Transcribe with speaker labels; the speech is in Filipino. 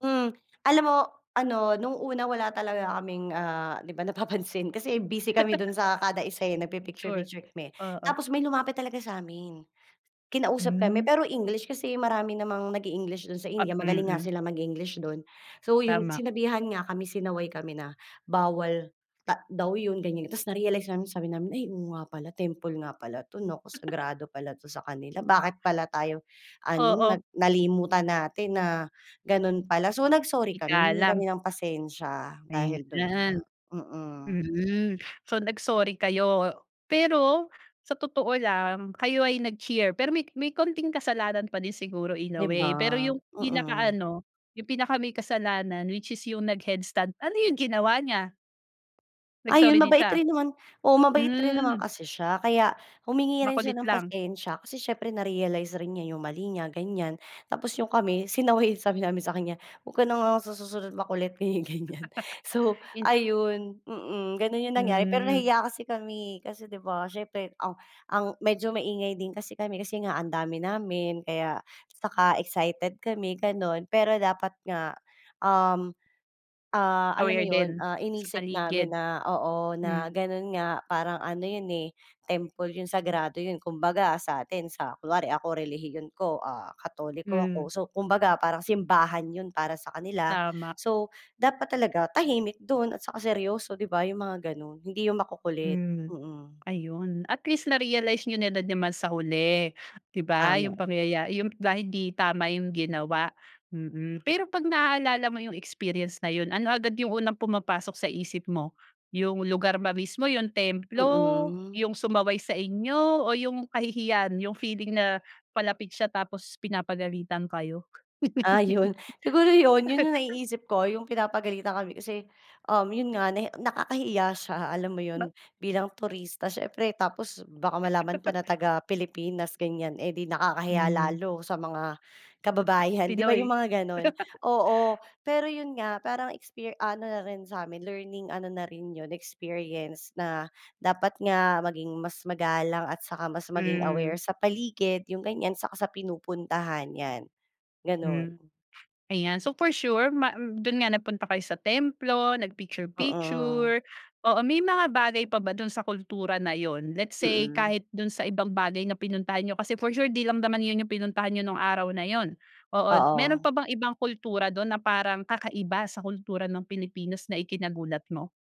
Speaker 1: Hmm. Alam mo, ano, nung una wala talaga kaming, ah, 'di ba napapansin, kasi busy kami do'n sa kada isa eh, nag
Speaker 2: Picture.
Speaker 1: pi-picture-picture kami.
Speaker 2: Oo.
Speaker 1: Tapos may lumapit talaga sa'min. Kinausap kami,
Speaker 2: Hmm.
Speaker 1: pero English, kasi marami namang nag e-English do'n sa
Speaker 2: At
Speaker 1: India magaling nga
Speaker 2: mm.
Speaker 1: sila mag-English do'n, so yun
Speaker 2: Tama.
Speaker 1: sinabihan nga kami sinaway kami na, bawal ta daw yun, ganyan-ganyan. Tapos narealize namin sabi namin, "Ay, oo nga pala, temple nga pala 'to, naku, sagrado pala 'to sa kanila. Bakit pala tayo ano,
Speaker 2: Oo.
Speaker 1: nag nalimutan natin na gano'n pala." So nag sorry kami, humingi
Speaker 2: Igalang.
Speaker 1: kami ng pasensya dahil do'n
Speaker 2: Ayan,
Speaker 1: nga. Mm.
Speaker 2: mm. So nag sorry kayo? Pero sa totoo lang, kayo ay nag cheer, pero may may konting kasalanan pa din siguro in a
Speaker 1: 'Di ba?
Speaker 2: way. Pero yung
Speaker 1: Mm.
Speaker 2: pinakaano yung pinaka may kasalanan, which is yung nag head stand, ano yung ginawa niya? Nag sorry
Speaker 1: Ayun,
Speaker 2: din
Speaker 1: mabait
Speaker 2: siya?
Speaker 1: rin naman, oo, mabait rin naman
Speaker 2: Hmm.
Speaker 1: kasi siya. Kaya humingi rin siya
Speaker 2: Makulit
Speaker 1: ng
Speaker 2: lang.
Speaker 1: pasensya kasi siyempre narealize rin niya yung mali niya ganyan, tapos yung kami, sinaway, sabi namin sa kaniya, "Wag ka na nga sa susunod makulit." Ganyan-ganyan. So
Speaker 2: In
Speaker 1: ayun, mm, gano'n yung nangyari. Pero
Speaker 2: Hmm.
Speaker 1: nahiya kasi kami kasi, 'di ba siyempre ang ang medyo maingay din kasi kami, kasi nga ang dami namin, kaya 'tsaka excited kami gano'n, pero dapat nga, um, ah, alam mo
Speaker 2: Aware
Speaker 1: yun,
Speaker 2: din,
Speaker 1: ah,
Speaker 2: sa
Speaker 1: inisip
Speaker 2: paligid.
Speaker 1: namin na, oo, na
Speaker 2: Hmm.
Speaker 1: gano'n nga parang ano yun, eh, temple yun, sagrado yun, 'kumbaga sa atin sa kunwari ako relihiyon ko, ah, Katoliko ako,
Speaker 2: Hmm.
Speaker 1: so kumbaga parang simbahan yun para sa kanila.
Speaker 2: Tama.
Speaker 1: So dapat talaga tahimik do'n, at saka seryoso, 'di ba? Yung mga gano'n, hindi yung makukulit.
Speaker 2: Mhm.
Speaker 1: Mm.
Speaker 2: Ayun. At least narealize niyo na din naman sa huli, 'di ba? Yung
Speaker 1: Tama.
Speaker 2: pangyaya yung dahil hindi tama yung ginawa. Mm. Pero 'pag naaalala mo yung experience na yun, ano agad yung unang pumapasok sa isip mo? Yung lugar ba mismo? Yung templo?
Speaker 1: Mm.
Speaker 2: Yung sumaway sa inyo? O yung kahihiyan, yung feeling na palapit siya tapos pinapagalitan kayo?
Speaker 1: Ah, yun. Siguro yun, yun yung naiisip ko, yung pinapagalitan kami, kasi, um, yun nga nahi nakakahiya siya, alam mo yun,
Speaker 2: Ba
Speaker 1: bilang turista siyempre tapos baka malaman pa na taga Pilipinas ganyan, eh, di nakakahiya
Speaker 2: Hmm.
Speaker 1: lalo sa mga kababayan, 'di ba yung
Speaker 2: Pinoy?
Speaker 1: mga gano'n? Oo. Pero yun nga, parang exper ano na rin samin learning ano na rin yun experience, na dapat nga maging mas magalang, at saka mas maging aware
Speaker 2: Hmm.
Speaker 1: sa paligid, yung ganyan, 'saka sa pinupuntahan yan, ganun.
Speaker 2: Hmm. Ayan. So for sure ma do'n nga nagpunta kayo sa templo, nag
Speaker 1: Mm.
Speaker 2: picture-picture, oo, may mga bagay pa ba do'n sa kultura na yun, let's say
Speaker 1: Mm.
Speaker 2: kahit do'n sa ibang bagay na pinuntahan niyo, kasi for sure di lang naman yun yung pinuntahan nyo nung araw na yun. Oo. Mayro'n
Speaker 1: Oo.
Speaker 2: pa bang ibang kultura do'n na parang kakaiba sa kultura ng Pilipinas na ikinagulat mo?